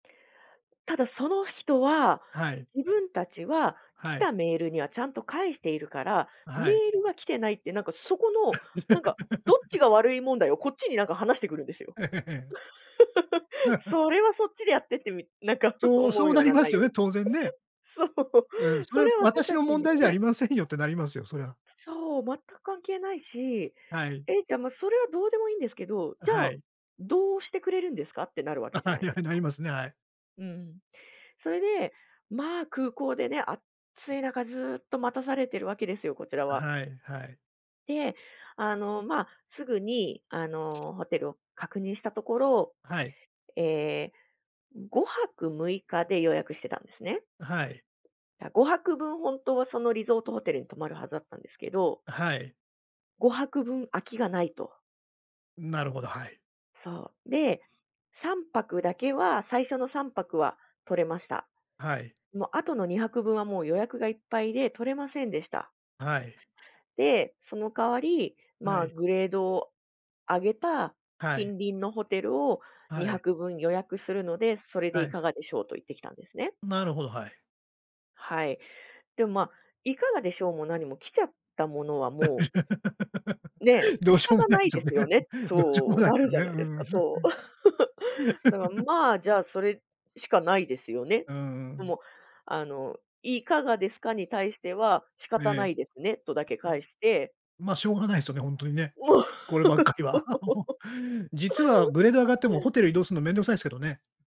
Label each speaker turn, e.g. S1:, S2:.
S1: ただその人は、
S2: はい。
S1: 自分たちは来
S2: はい。
S1: たメールにはちゃんと返しているから、
S2: あ、
S1: メー
S2: はい。
S1: ルが来てないってなんかそこの、なんかどっち が悪い問題を、こっちになんか話してくるんですよ。
S2: ええ。
S1: それはそっちでやってってみなんか
S2: そう、
S1: 思
S2: そ
S1: う
S2: う
S1: よ
S2: な
S1: う
S2: り
S1: な
S2: ま
S1: 内
S2: すよ
S1: 容。
S2: ね、当然ね。
S1: そう、
S2: うん、そ
S1: そ
S2: れは
S1: れは私
S2: 私
S1: た
S2: の
S1: ち
S2: 問
S1: には、
S2: 題じゃあ
S1: ね。
S2: りませんよってなりますよ、そりゃ。
S1: そう、全く関係ないし、
S2: はい。
S1: ええ、じゃもうそれはどうでもいいんですけど、
S2: あ、
S1: じゃ
S2: は
S1: あ、
S2: い。
S1: どうしてくれるんですか？ってなるわ
S2: あ、
S1: けじゃ
S2: は
S1: な
S2: い
S1: い
S2: は
S1: です
S2: い、な
S1: か。
S2: りますね、はい。
S1: うん、それで、まあ空港でね、あっつい中ずっと待たされているわけですよ、こちらは。
S2: はい、はい。
S1: で、あの、まあ、すぐにあのホテルを確認したところ、
S2: はい。
S1: ええ、5泊6日で予約してたんですね。
S2: あはい。
S1: だ、5泊分ほんとはそのリゾートホテルに泊まるはずだったんですけど
S2: はい。
S1: 5泊分空きがないと。
S2: ん、なるほど、はい。
S1: そう、で、3泊だけは、最初の3泊は取れました。
S2: はい。
S1: もう後の2泊分はもう予約がいっぱいで取れませんでした。
S2: はい。
S1: で、その代わり、
S2: は
S1: まあ、
S2: い。
S1: グレードを上げた
S2: は
S1: 近
S2: い。
S1: 隣のホテルをに
S2: は
S1: は
S2: い。
S1: く分予約するので、それで
S2: は
S1: い
S2: い。
S1: かがでしょうと言ってきたんですね。
S2: なるほど、はい。
S1: はい、でも、まあ、いかがでしょうも何も来ちゃったものは、もうね、
S2: どう
S1: 仕
S2: しようも
S1: 方
S2: ない
S1: な
S2: で
S1: い
S2: す
S1: で
S2: よね。
S1: すよねって
S2: どうしようも
S1: そう、
S2: ない
S1: な
S2: です
S1: る
S2: よ
S1: じ
S2: ね。
S1: ゃ
S2: う
S1: ないですか、
S2: ん。
S1: そう。だから まあ、じゃあ、それしかないですよね。
S2: うんう
S1: で
S2: ん。
S1: も、あの、いかがですかに対しては仕
S2: ええ。
S1: 方
S2: え。
S1: な
S2: ん
S1: いですね、とだけ返して
S2: まあ、しょうがないですよね、ほんとにね、
S1: そ
S2: こればっかりは。
S1: う。
S2: 実はグレード上がってもホテル移動するの面倒くさいですけどね。